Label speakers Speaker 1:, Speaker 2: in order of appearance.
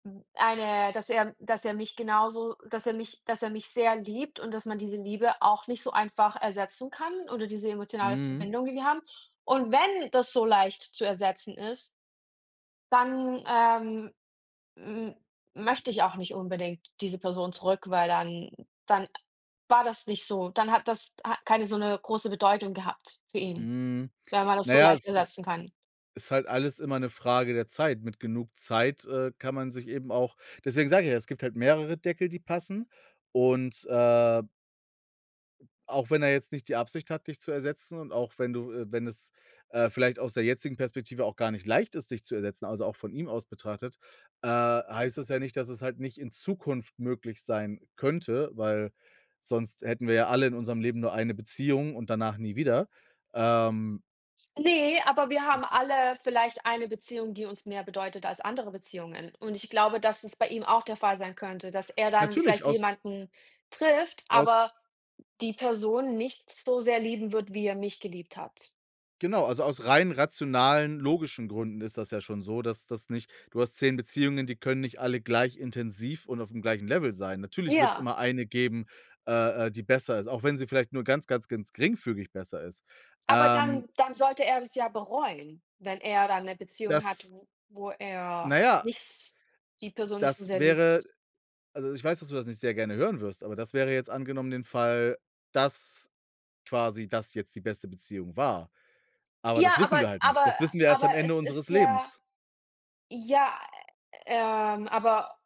Speaker 1: Hm. Eine dass er dass er mich genauso s dass er mich dass er mich sehr liebt und dass man diese Liebe auch nicht so einfach ersetzen kann oder diese emotionale
Speaker 2: Mhm.
Speaker 1: Verbindung, die wir haben. Und wenn das so leicht zu ersetzen ist dann, ähm, m möchte ich auch nicht unbedingt diese Person zurück, weil dann dann a war das nicht so. Dann hat das keine so 'ne große Bedeutung gehabt für ihn,
Speaker 2: Mhm.
Speaker 1: wenn man das
Speaker 2: Na
Speaker 1: so
Speaker 2: ja,
Speaker 1: leicht
Speaker 2: es ist
Speaker 1: ersetzen kann.
Speaker 2: ist halt alles immer 'ne Frage der Zeit. Mit genug Zeit, äh, kann man sich eben auch deswegen sage ich ja, es gibt halt mehrere Deckel, die passen. Und, äh auch wenn er jetzt nicht die Absicht hat, dich zu ersetzen und auch wenn du äh, wenn es, äh, vielleicht aus der jetzigen Perspektive auch gar nicht leicht ist, dich zu ersetzen, also, auch von ihm aus betrachtet, äh, heißt das ja nicht, dass es halt nicht in Zukunft möglich sein könnte, weil sonst hätten wir ja alle in unserem Leben nur eine Beziehung und danach nie wieder. Ähm
Speaker 1: Ne, aber wir
Speaker 2: das
Speaker 1: haben
Speaker 2: ist
Speaker 1: alle vielleicht eine Beziehung, die uns mehr bedeutet als andere Beziehungen. Und ich glaube, dass es bei ihm auch der Fall sein könnte, dass er dann
Speaker 2: Natürlich
Speaker 1: vielleicht
Speaker 2: aus
Speaker 1: jemanden trifft,
Speaker 2: aus
Speaker 1: aber die Person nicht so sehr lieben wird, wie er mich geliebt hat.
Speaker 2: genau, also, aus rein rationalen, logischen Gründen ist das ja schon so, dass das nicht du hast 10 Beziehungen, die können nicht alle gleich intensiv und auf'm gleichen Level sein. Natürlich wird es
Speaker 1: Ja.
Speaker 2: immer eine geben, äh, äh, die besser ist, auch wenn sie vielleicht nur ganz, ganz, ganz geringfügig besser ist.
Speaker 1: Aber
Speaker 2: Ähm
Speaker 1: dann dann sollte er das ja bereuen, wenn er dann 'ne Beziehung hat,
Speaker 2: Dass
Speaker 1: w wo
Speaker 2: na
Speaker 1: er
Speaker 2: ja
Speaker 1: nicht s die Person nicht so
Speaker 2: das
Speaker 1: sehr
Speaker 2: wäre
Speaker 1: liebt.
Speaker 2: also, ich weiß, dass du das nicht sehr gerne hören wirst, aber das wäre jetzt angenommen den Fall, dass quasi das jetzt die beste Beziehung war. Aber das
Speaker 1: Ja, aber
Speaker 2: wissen wir halt nicht.
Speaker 1: aber äh,
Speaker 2: Das wissen wir erst
Speaker 1: aber
Speaker 2: am Ende
Speaker 1: es ist
Speaker 2: unseres
Speaker 1: ja,
Speaker 2: Lebens.
Speaker 1: ja, ähm, aber